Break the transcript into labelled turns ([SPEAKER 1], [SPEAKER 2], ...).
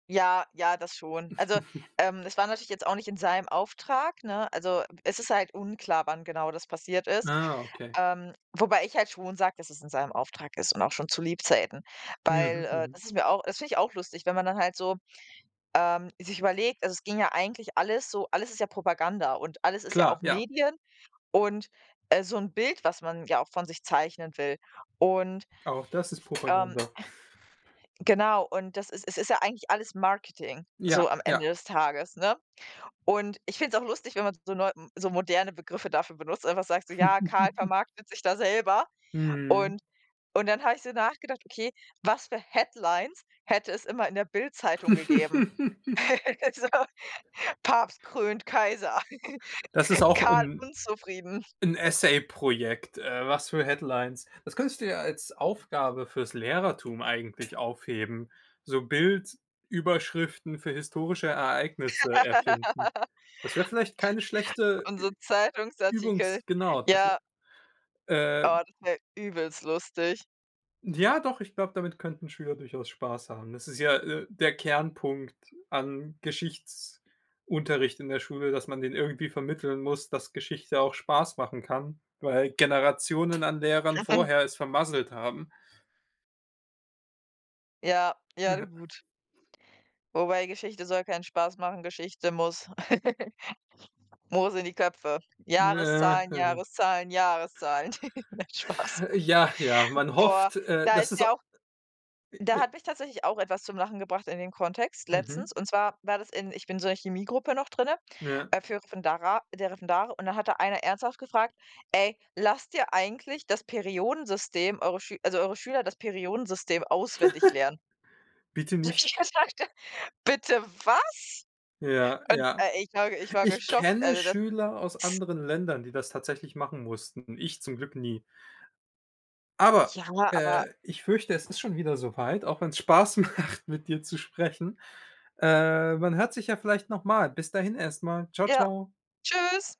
[SPEAKER 1] Ja, ja, das schon. Also, ähm, es war natürlich jetzt auch nicht in seinem Auftrag, ne? Also, es ist halt unklar, wann genau das passiert ist,
[SPEAKER 2] Ah, okay.
[SPEAKER 1] ähm, wobei ich halt schon sage, dass es in seinem Auftrag ist und auch schon zu Lebzeiten. Weil,
[SPEAKER 2] Mhm.
[SPEAKER 1] äh,
[SPEAKER 2] Mhm.
[SPEAKER 1] das ist mir auch das finde ich auch lustig, wenn man dann halt so, ähm, sich überlegt also, es ging ja eigentlich alles so alles ist ja Propaganda und alles ist ja
[SPEAKER 2] Klar,
[SPEAKER 1] auch
[SPEAKER 2] ja.
[SPEAKER 1] Medien und, äh, so 'n Bild, was man ja auch von sich zeichnen will und
[SPEAKER 2] Auch das ist
[SPEAKER 1] Ähm,
[SPEAKER 2] Propaganda.
[SPEAKER 1] genau, und das ist es ist ja eigentlich alles Marketing, so
[SPEAKER 2] Ja,
[SPEAKER 1] am
[SPEAKER 2] ja.
[SPEAKER 1] Ende des Tages, ne, und ich finde es auch lustig, wenn man so neu so moderne Begriffe dafür benutzt, einfach sagt so: „Ja, Karl vermarktet sich da selber“
[SPEAKER 2] Mhm.
[SPEAKER 1] und und dann habe ich so nachgedacht: „Okay, was für headlines hätte es immer in der BILD-Zeitung gegeben?“ Also, Papst krönt Kaiser,
[SPEAKER 2] Das ist auch
[SPEAKER 1] Karl
[SPEAKER 2] 'n
[SPEAKER 1] unzufrieden.
[SPEAKER 2] 'n Essay-Projekt, äh, was für headlines das könntest du ja als Aufgabe fürs Lehrertum eigentlich aufheben, so Bildüberschriften für historische Ereignisse erfinden. Das wäre vielleicht keine schlechte Ü
[SPEAKER 1] Unsere Zeitungsartikel,
[SPEAKER 2] übungs genau, das wä
[SPEAKER 1] ja.
[SPEAKER 2] ähm
[SPEAKER 1] Oh, das wär übelst lustig.
[SPEAKER 2] Ja doch, ich glaube, damit könnten Schüler durchaus Spaß haben. Das ist ja, äh, der Kernpunkt an Geschichtsunterricht in der Schule, dass man denen irgendwie vermitteln muss, dass Geschichte auch Spaß machen kann, weil Generationen an Lehrern vorher es vermasselt haben.
[SPEAKER 1] Ja, ja, du,
[SPEAKER 2] Ja.
[SPEAKER 1] gut. Wobei Geschichte soll keinen Spaß machen, Geschichte muss muss sind die Köpfe.
[SPEAKER 2] Naja
[SPEAKER 1] Jahreszahlen, Jahreszahlen, Jahreszahlen, nein, Spaß.
[SPEAKER 2] Ja, ja, man
[SPEAKER 1] Boah,
[SPEAKER 2] hofft, äh,
[SPEAKER 1] da
[SPEAKER 2] dass
[SPEAKER 1] ist
[SPEAKER 2] es au.
[SPEAKER 1] mir auch da
[SPEAKER 2] [unintelligible]
[SPEAKER 1] hat mich tatsächlich auch etwas zum Lachen gebracht in den Kontext
[SPEAKER 2] Mhm.
[SPEAKER 1] letztens. Und zwar war das in ich bin so in Chemiegruppe noch drinne,
[SPEAKER 2] Ja.
[SPEAKER 1] äh, für Referendera äh, der Referendate. Und da hat da einer ernsthaft gefragt: „Ey, lasst ihr eigentlich das Periodensystem eure Schül also eure Schüler das Periodensystem auswendig lernen?“
[SPEAKER 2] Bitte
[SPEAKER 1] So,
[SPEAKER 2] nicht.
[SPEAKER 1] ich habe gedacht: „Bitte was?“
[SPEAKER 2] Ja,
[SPEAKER 1] Und,
[SPEAKER 2] ja.
[SPEAKER 1] äh, ich war ich war
[SPEAKER 2] Ich
[SPEAKER 1] geschockt,
[SPEAKER 2] kenne
[SPEAKER 1] also das
[SPEAKER 2] Schüler aus
[SPEAKER 1] ist
[SPEAKER 2] anderen Ländern, die das tatsächlich machen mussten, ich zum Glück nie. Aber,
[SPEAKER 1] Ja, [unintelligible] aber
[SPEAKER 2] äh, ich fürchte, es ist schon wieder so weit, auch wenn's Spaß macht, mit dir zu sprechen. Äh, man hört sich ja vielleicht noch mal. Bis dahin erst mal. Ciao,
[SPEAKER 1] Ja,
[SPEAKER 2] ciao.
[SPEAKER 1] tschüss.